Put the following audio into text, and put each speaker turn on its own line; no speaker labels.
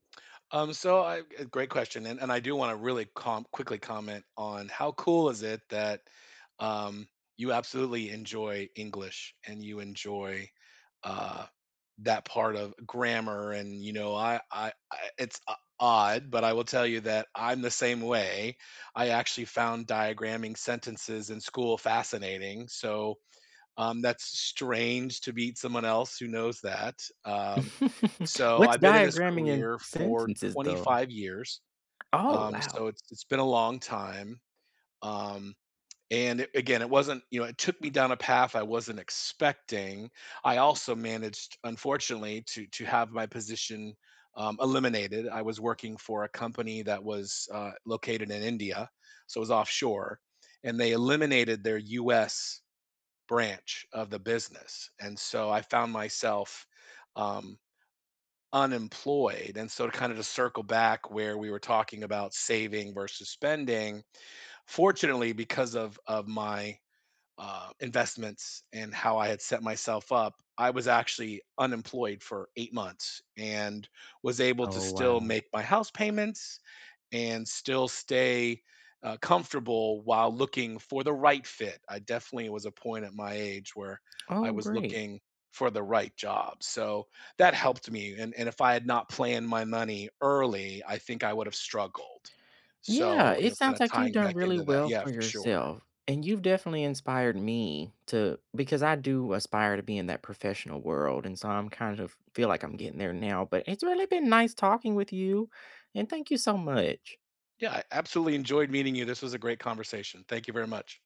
Um, so, I g great question, and and I do wanna really com quickly comment on how cool is it that, um, you absolutely enjoy English and you enjoy, uh, that part of grammar, and, you know, I I I it's o odd, but I will tell you that I'm the same way. I actually found diagramming sentences in school fascinating, so, um, that's strange to meet someone else who knows that, um, so,
What's
I've been in this
diagramming in
career for
sentences,
twenty
though?
five years,
Oh,
um,
wow.
so, it's it's been a long time, um, and, a again, it wasn't you know, it took me down a path I wasn't expecting. I also managed, unfortunately, to to have my position, um, eliminated, I was working for a company that was, uh, located in India, so it was offshore, and they eliminated their US branch of the business, and so I found myself, um, unemployed and so to kinda just circle back where we were talking about saving versus spending, fortunately because of of my, uh, investments and how I had set myself up, I was actually unemployed for 8 months and was able to
Oh,
still
wow.
make my house payments and still stay, uh, comfortable while looking for the right fit. I definitely was a point at my age where I
Oh,
was
great.
looking for the right job, so, that helped me, and and if I had not planned my money early, I think I would've struggled,
Yeah,
so, you
it
know, kind
sounds
of
like you've
tying
done
back
really
into that
well
yeah,
for
for sure.
yourself, and you've definitely inspired me to because I do aspire to be in that professional world, and so I'm kind of feel like I'm getting there now, but it's really been nice talking with you, and thank you so much.
Yeah, I absolutely enjoyed meeting you, this was a great conversation. Thank you very much.